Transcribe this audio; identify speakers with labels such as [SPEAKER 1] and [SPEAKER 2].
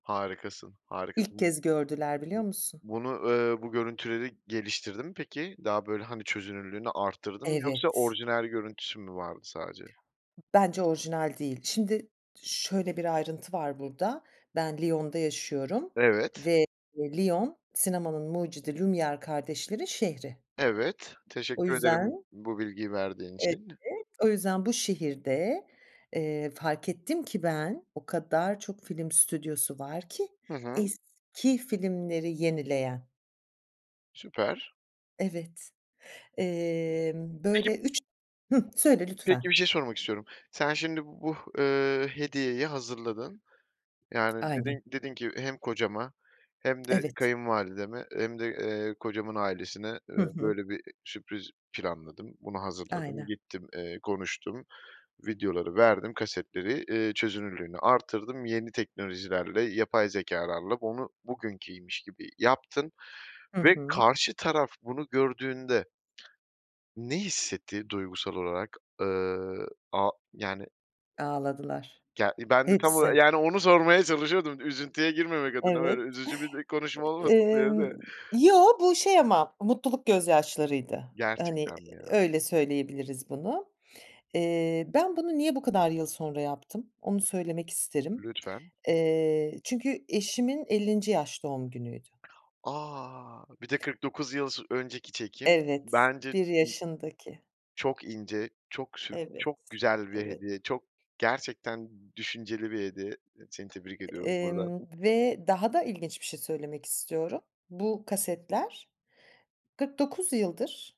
[SPEAKER 1] Harikasın,
[SPEAKER 2] İlk
[SPEAKER 1] harikasın.
[SPEAKER 2] kez gördüler, biliyor musun?
[SPEAKER 1] Bu bunu, eee, bu görüntüleri geliştirdi mi peki? Daha, böyle, hani, çözünürlüğünü arttırdın mı yoksa
[SPEAKER 2] Evet.
[SPEAKER 1] orijinal görüntüsü mü vardı sadece?
[SPEAKER 2] Bence orijinal değil. Şimdi şöyle bir ayrıntı var burada, ben Lyon'da yaşıyorum
[SPEAKER 1] Evet.
[SPEAKER 2] ve Lyon, sinemanın mucidi Lumiere kardeşlerin şehri.
[SPEAKER 1] Evet,
[SPEAKER 2] O
[SPEAKER 1] teşekkür ederim
[SPEAKER 2] yüzden
[SPEAKER 1] bu bilgiyi verdiğin
[SPEAKER 2] Evet,
[SPEAKER 1] için.
[SPEAKER 2] o yüzden bu şehirde, eee, fark ettim ki ben, o kadar çok film stüdyosu var ki,
[SPEAKER 1] Hı hı.
[SPEAKER 2] eski filmleri yenileyen.
[SPEAKER 1] Süper.
[SPEAKER 2] Evet, emm,
[SPEAKER 1] Peki
[SPEAKER 2] böyle 3 Hıh, söyle
[SPEAKER 1] peki bir
[SPEAKER 2] lütfen.
[SPEAKER 1] şey sormak istiyorum Sen şimdi bu, ııı, hediyeyi hazırladın. Yani
[SPEAKER 2] Aynen.
[SPEAKER 1] dedin dedin ki hem kocama hem de
[SPEAKER 2] Evet.
[SPEAKER 1] kayınvalideme hem de, eee, kocamın ailesine, eee,
[SPEAKER 2] Hı hı.
[SPEAKER 1] böyle bir sürpriz planladım. Bunu hazırladım,
[SPEAKER 2] Aynen.
[SPEAKER 1] gittim, eee, konuştum, videoları verdim, kasetleri, iii, çözünürlüğünü artırdım. Yeni teknolojilerle, yapay zekâlarla onu bugünkiymiş gibi yaptım
[SPEAKER 2] Hı
[SPEAKER 1] ve
[SPEAKER 2] hı.
[SPEAKER 1] karşı taraf bunu gördüğünde ne hissetti duygusal olarak? Iıı, a yani,
[SPEAKER 2] Ağladılar.
[SPEAKER 1] yani ben de tam ola
[SPEAKER 2] Hepsi.
[SPEAKER 1] yani onu sormaya çalışıyordum, üzüntüye girmemek adına
[SPEAKER 2] Evet.
[SPEAKER 1] böyle üzücü bir konuşma olmasın diye
[SPEAKER 2] Emm,
[SPEAKER 1] de.
[SPEAKER 2] yo, bu şey ama mutluluk gözyaşlarıydı. Hani
[SPEAKER 1] Gerçekten mi ya?
[SPEAKER 2] öyle söyleyebiliriz bunu. Eee, ben bunu niye bu kadar yıl sonra yaptım, onu söylemek isterim.
[SPEAKER 1] Lütfen.
[SPEAKER 2] Eee, çünkü eşimin 50. yaş doğum günüydü.
[SPEAKER 1] A! Bir de 49 yıl sı önceki çekim.
[SPEAKER 2] Evet,
[SPEAKER 1] Bence ı
[SPEAKER 2] 1 yaşındaki.
[SPEAKER 1] çok ince çok sü
[SPEAKER 2] Evet,
[SPEAKER 1] güzel bir
[SPEAKER 2] evet.
[SPEAKER 1] hediye çok gerçekten düşünceli bir hediye. Seni tebrik ediyorum buradan.
[SPEAKER 2] Emm, ve daha da ilginç bir şey söylemek istiyorum. Bu kasetler 49 yıldır